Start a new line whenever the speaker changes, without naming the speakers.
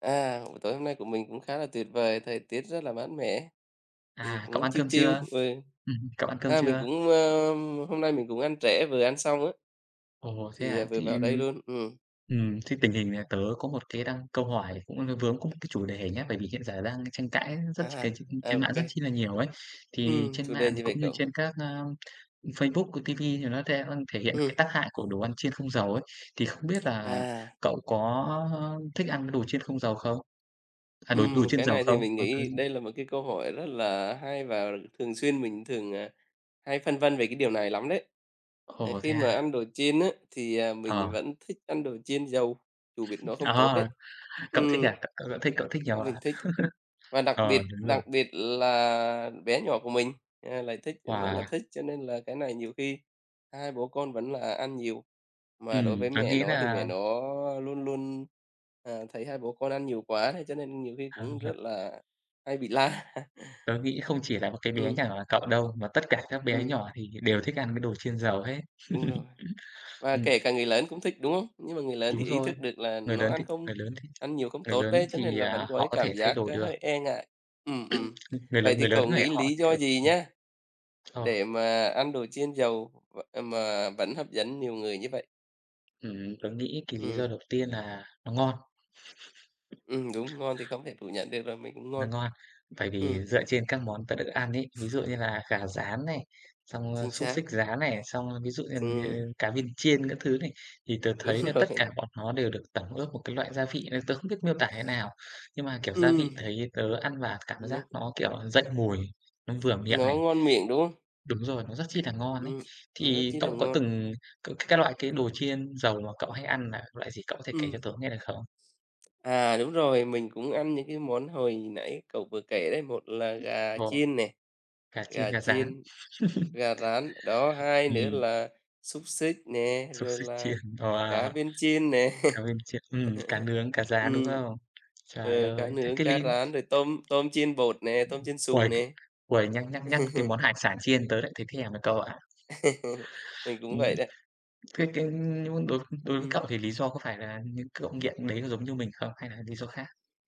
À, buổi tối hôm nay của mình cũng khá là tuyệt vời, thời tiết rất là mát mẻ, thì
À, cậu
cũng
ăn
chill
cơm
chill
chưa?
vừa
Ừm hưm, cậu ăn cơm
a, mình
chưa?
cũng, ơ, hôm nay mình cũng ăn trễ, vừa ăn xong á.
Ồ, thế
Thì, à,
hả?
vừa
Thế,
vào đây
ừm
luôn, ừm.
ừm, thế tình hình là tớ có một cái đăng câu hỏi cũng, ờ, vướng cũng cái chủ đề nhá, bởi vì hiện giờ đang tranh cãi rất
A
c tr
ha,
trên
ô
mạng
kê.
rất chi là nhiều ấy. Thì
Ừm,
trên
chủ đề
mạng thì
gì vậy
cũng như
cậu?
trên các, a, Facebook, rồi ti vi thì nó the thể hiện
Ừm.
cái tác hại của đồ ăn chiên không dầu ấy, thì không biết là
À.
cậu có, ơ, thích ăn cái đồ chiên không dầu không? À, đồ
Ừm,
đồ
một
chiên
cái
dầu
này thì
không?
mình nghĩ
[unintelligible]
đây là một cái câu hỏi rất là hay và thường xuyên mình thường, à, hay phân vân về cái điều này lắm đấy. Ờ,
Ồ,
khi
thế
mà
à?
ăn đồ chiên á thì
Ờ.
mình vẫn thích ăn đồ chiên dầu, dù biết nó không tốt
À,
đấy.
cậu thích
Ừm.
à, c cậu cậu thích cậu thích nhiều à?
Mình thích, và đặc
Ờ,
biệt
đúng rồi.
đặc biệt là bé nhỏ của mình, à, lại thích rất là
Wow!
thích cho nên là cái này nhiều khi hai bố con vẫn là ăn nhiều. Mà đối
Ừm,
với
tớ
mẹ
nghĩ
nó thì mẹ
là
nó luôn luôn, à, thấy hai bố con ăn nhiều quá hay cho nên nhiều khi
Hay
cũng
nhỉ?
rất là hay bị la.
Tớ nghĩ không chỉ là một cái bé nhà
Ừm.
cậu đâu, mà tất cả các bé
Ừm.
nhỏ thì hiện đều thích ăn mấy đồ chiên dầu hết.
Đúng rồi. Và
Ừm.
kể cả người lớn cũng thích, đúng không? Nhưng mà người lớn thì
Đúng
ý
rồi.
thức được là
Người
nó
lớn
ăn
thì
không
người lớn thì
ăn nhiều không
người
tốt
lớn
đấy, cho nên
thì,
là vẫn
à,
có cái
họ có
cảm
thể thay
giác
đổi được.
hơi e ngại. Ừm,
Ưm,
ừm,
người
vậy
lớn
thì
người lớn
cậu
có thể
nghĩ
họ
lý
thì,
do
kiểu
gì
ừm.
nha
Ờ.
để mà ăn đồ chiên dầu v ờ, mà vẫn hấp dẫn nhiều người như vậy?
Ừm, tớ nghĩ cái lý do
Ừm.
đầu tiên là nó ngon.
Ừm, đúng, ngon thì không thể phủ nhận được rồi, mình cũng
Nó
ngon.
ngon. Bởi
Ừm.
vì dựa trên các món tớ được ăn ấy, ví dụ như là gà rán này, xong
Chính
xúc
xác.
xích rán này, xong ví dụ, ưm,
Ừm.
như cá viên chiên các thứ này, thì tớ
Đúng
thấy là tất
rồi.
cả bọn nó đều được tẩm ướp một cái loại gia vị, ờ, tớ không biết miêu tả thế nào, nhưng mà, kiểu, gia vị
Ừm.
thấy tớ ăn vào cảm giác
Núc
nó, kiểu, dậy mùi, nó vừa miệng
Nó
này.
ngon miệng, đúng không?
Đúng rồi, nó rất chi là ngon ấy.
Ừm, nó rất
Thì
chi là
cậu có
ngon.
từng c cái loại cái đồ chiên dầu mà cậu hay ăn là loại gì, cậu có thể kể cho
Ừm.
tớ nghe được không?
À, đúng rồi, mình cũng ăn những cái món hồi nãy cậu vừa kể đấy, một là gà
Ồ,
chiên nè,
gà chiên,
gà
gà rán.
chiên, gà rán. Đó, hai nữa
Ừm.
là xúc xích nè,
Xúc
rồi
xích
là
chiên,
cá
wow,
viên chiên nè.
cá viên chiên, ừm, cá nướng, cá rán, đúng
Ừm,
không? Trời
ờ, cá
ơi, chắc
nướng,
cái
cá
lin
rán, rồi tôm tôm chiên bột nè, tôm chiên xù
uầy, c
nè.
uầy, nhắc nhắc nhắc cái món hải sản chiên tớ lại thấy thèm nè cậu ạ.
Mình cũng
Ừm.
vậy đấy.
Thế cái, ưm, nh đối đối với
Ừm.
cậu thì lý do có phải là những cậu nghiện đấy có giống như mình không, hay là lý do khác?